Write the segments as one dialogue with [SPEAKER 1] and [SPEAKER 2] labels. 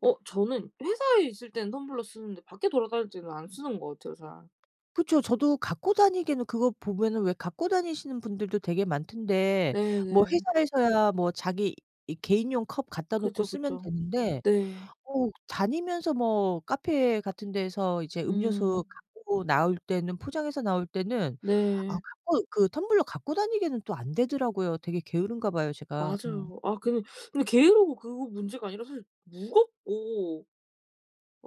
[SPEAKER 1] 어 저는 회사에 있을 때는 텀블러 쓰는데 밖에 돌아다닐 때는 안 쓰는 것 같아요 잘.
[SPEAKER 2] 그쵸. 저도 갖고 다니기에는 그거 보면은 왜 갖고 다니시는 분들도 되게 많던데 뭐
[SPEAKER 1] 네네.
[SPEAKER 2] 회사에서야 뭐 자기 이 개인용 컵 갖다 놓고
[SPEAKER 1] 그죠,
[SPEAKER 2] 쓰면
[SPEAKER 1] 그죠.
[SPEAKER 2] 되는데
[SPEAKER 1] 네.
[SPEAKER 2] 어 다니면서 뭐 카페 같은 데에서 이제 음료수
[SPEAKER 1] 음.
[SPEAKER 2] 갖고 나올 때는 포장해서 나올 때는 아
[SPEAKER 1] 네.
[SPEAKER 2] 갖고 그 텀블러 갖고 다니기에는 또 안 되더라고요. 되게 게으른가 봐요, 제가. 음.
[SPEAKER 1] 맞아요. 아 근데, 근데 게으르고 그거 문제가 아니라 사실 무겁고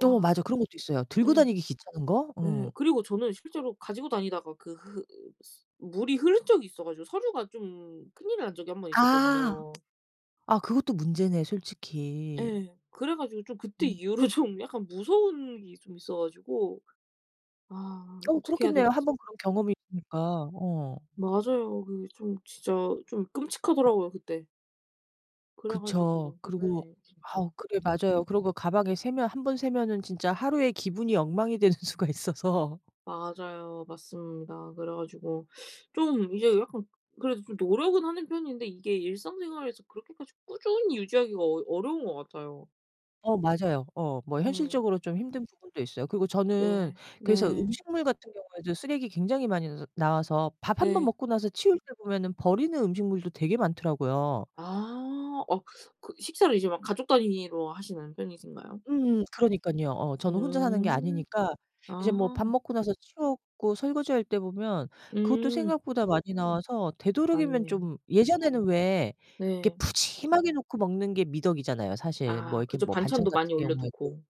[SPEAKER 2] 어 맞아요. 그런 것도 있어요. 들고
[SPEAKER 1] 예.
[SPEAKER 2] 다니기 귀찮은 거.
[SPEAKER 1] 예.
[SPEAKER 2] 어.
[SPEAKER 1] 그리고 저는 실제로 가지고 다니다가 그 흐 스 물이 흐른 적이 있어 가지고 서류가 좀 큰일이 난 적이 1 번
[SPEAKER 2] 아.
[SPEAKER 1] 있었거든요.
[SPEAKER 2] 아 그것도 문제네 솔직히.
[SPEAKER 1] 예. 그래 가지고 좀 그때
[SPEAKER 2] 음.
[SPEAKER 1] 이후로 좀 약간 무서운 게 좀 있어 가지고 아
[SPEAKER 2] 어
[SPEAKER 1] 어떻게 해야
[SPEAKER 2] 그렇겠네요.
[SPEAKER 1] 될지.
[SPEAKER 2] 한번 그런 경험이 있으니까. 어.
[SPEAKER 1] 맞아요. 그게 좀 진짜 좀 끔찍하더라고요 그때. 그래
[SPEAKER 2] 그쵸.
[SPEAKER 1] 가지고
[SPEAKER 2] 그리고
[SPEAKER 1] 네
[SPEAKER 2] 아
[SPEAKER 1] 진짜.
[SPEAKER 2] 그래요. 맞아요. 그러고 가방에 새면 1 번 새면은 진짜 하루의 기분이 엉망이 되는 수가 있어서.
[SPEAKER 1] 맞아요. 맞습니다. 그래 가지고 좀 이제 약간 그래도 좀 노력은 하는 편인데 이게 일상생활에서 그렇게까지 꾸준히 유지하기가 어 어려운 것 같아요.
[SPEAKER 2] 어 맞아요. 어 뭐
[SPEAKER 1] 네.
[SPEAKER 2] 현실적으로 좀 힘든 부분도 있어요. 그리고 저는
[SPEAKER 1] 네.
[SPEAKER 2] 그래서
[SPEAKER 1] 네.
[SPEAKER 2] 음식물 같은 경우에도 쓰레기 굉장히 많이 너 나와서 밥 1 번
[SPEAKER 1] 네.
[SPEAKER 2] 먹고 나서 치울 때 보면은 버리는 음식물도 되게 많더라고요.
[SPEAKER 1] 아. 어 그 식사를 이제 막 가족 단위로 하시는 편이신가요?
[SPEAKER 2] 음 그러니깐요. 어 저는 혼자 사는 게
[SPEAKER 1] 음.
[SPEAKER 2] 아니니까 이제 뭐 밥
[SPEAKER 1] 아.
[SPEAKER 2] 먹고 나서 치우고 설거지할 때 보면 그것도
[SPEAKER 1] 음.
[SPEAKER 2] 생각보다 많이 나와서 되도록이면
[SPEAKER 1] 맞네.
[SPEAKER 2] 좀 예전에는 왜 이렇게
[SPEAKER 1] 네.
[SPEAKER 2] 푸짐하게 놓고 먹는 게 미덕이잖아요 사실. 뭐
[SPEAKER 1] 아
[SPEAKER 2] 이렇게
[SPEAKER 1] 그죠.
[SPEAKER 2] 뭐 반찬
[SPEAKER 1] 반찬도
[SPEAKER 2] 같은
[SPEAKER 1] 많이 올려
[SPEAKER 2] 경우에도
[SPEAKER 1] 두고.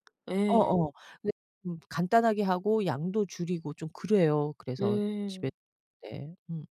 [SPEAKER 2] 어
[SPEAKER 1] 예.
[SPEAKER 2] 어 근데 좀 간단하게 하고 양도 줄이고 좀 그래요. 그래서 집에
[SPEAKER 1] 네.
[SPEAKER 2] 네 음.